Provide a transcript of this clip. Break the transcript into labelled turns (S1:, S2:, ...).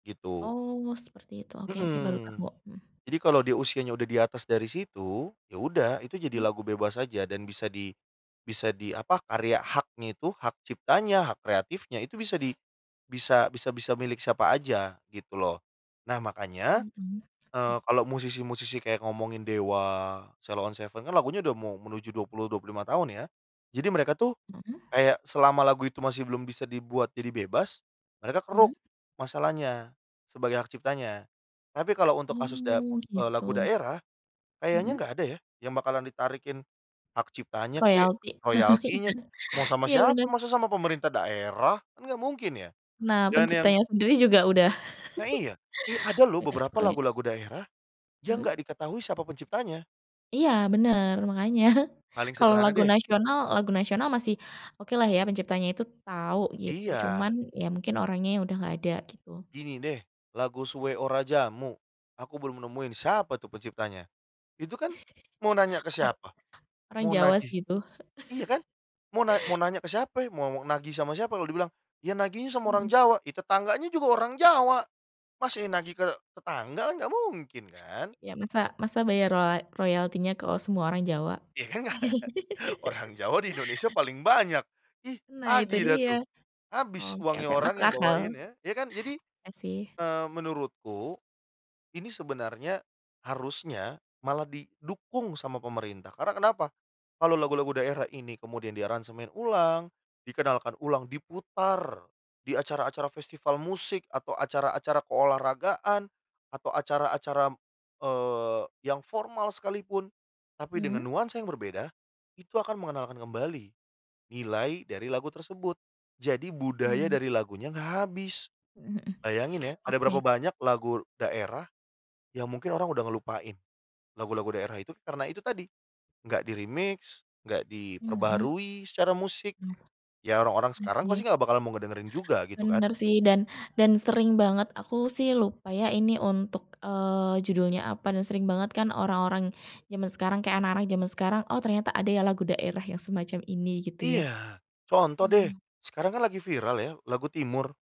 S1: Gitu.
S2: Oh, seperti itu oke oke baru tau,
S1: Mhm,
S2: mhm.
S1: jadi kalau di usianya udah di atas dari situ, ya udah itu jadi
S2: Mhm.
S1: lagu bebas saja dan bisa di bisa di, apa karya haknya itu, hak ciptanya, hak kreatifnya itu bisa di bisa bisa bisa milik siapa aja gitu loh. Nah, makanya,
S2: Mhm,
S1: eee,
S2: oke.
S1: kalau musisi-musisi kayak ngomongin Dewa, Sheila On 7 kan lagunya udah mau menuju 20, 25 tahun ya. Jadi mereka tuh,
S2: Mhm.
S1: kayak selama lagu itu masih belum bisa dibuat jadi bebas, mereka keruk
S2: Mhm.
S1: masalahnya, sebagai hak ciptanya. Tapi kalau untuk kasus da
S2: Oh,
S1: eee, lagu
S2: gitu.
S1: daerah, kayaknya
S2: Mhm.
S1: gak ada ya, yang bakalan ditarikin hak ciptanya kek,
S2: Royalti,
S1: royaltinya,
S2: iya.
S1: mau sama
S2: Iya
S1: siapa,
S2: bener.
S1: masa sama pemerintah daerah kan gak mungkin ya.
S2: Nah,
S1: Dan yang
S2: penciptanya sendiri juga udah
S1: Nah iya. Eh, ada loh
S2: udah
S1: beberapa
S2: kaya.
S1: lagu-lagu daerah, yang gak
S2: Mhm.
S1: diketahui siapa penciptanya.
S2: Iya bener, makanya.
S1: Paling
S2: Kalo
S1: sederhana
S2: lagu
S1: deh.
S2: nasional lagu nasional masih okelah ya penciptaannya itu tau gitu, cuman
S1: Iya.
S2: ya mungkin orangnya udah gak ada gitu.
S1: Gini deh, lagu Suwe Ora Jamu aku belum nemuin siapa tuh penciptanya, itu kan mau nanya ke
S2: [unintelligible]
S1: siapa?
S2: Orang
S1: Mau
S2: Jawa
S1: nagih
S2: sih itu.
S1: iya kan? Mau na mau nanya ke siapa? Mau nagih sama siapa? Lalu dibilang, "Ya nagih sama orang
S2: Mhm.
S1: Jawa," ya tetangganya juga orang Jawa. Masa iya nagih ke tetangga? Kan gak mungkin kan?
S2: Ya masa masa bayar rolay royaltinya ke semua orang Jawa?
S1: Iya kan? Orang Jawa di Indonesia paling banyak. Ih,
S2: Nah, itu
S1: tagih dah
S2: dia.
S1: tuh. Habis
S2: Oke
S1: uangnya
S2: oke
S1: orang
S2: masuk
S1: yang
S2: akal.
S1: bawain ya, ya kan jadi,
S2: Iya sih.
S1: eee, menurutku, ini sebenarnya, harusnya malah didukung sama pemerintah karena kenapa? Kalau lagu-lagu daerah ini kemudian diaransemen ulang, dikenalkan ulang, diputar di acara-acara festival musik, atau acara-acara keolahragaan, atau acara-acara, eee, yang formal sekalipun tapi dengan
S2: Mhm.
S1: nuansa yang berbeda, itu akan mengenalkan kembali nilai dari lagu tersebut, jadi budaya
S2: Mmm.
S1: dari lagunya enggak habis.
S2: Mhm mhm,
S1: Bayangin ya, ada berapa
S2: oke.
S1: banyak lagu daerah yang mungkin orang udah ngelupain lagu-lagu daerah itu karena itu tadi, enggak di-remix, enggak
S2: Mhm.
S1: diperbaharui secara musik.
S2: Hmm,
S1: Ya orang-orang
S2: iya
S1: sekarang pasti
S2: sih.
S1: nggak bakal mau ngedengerin juga, gitu kan.
S2: Bener sih, dan dan sering banget aku sih lupa ya ini untuk, eee, judulnya apa dan sering banget kan orang-orang zaman sekarang kayak anak-anak zaman sekarang, oh ternyata ada ya lagu daerah yang semacam ini gitu ya.
S1: Iya, contoh deh,
S2: Hmm.
S1: sekarang kan lagi viral ya, lagu Timur.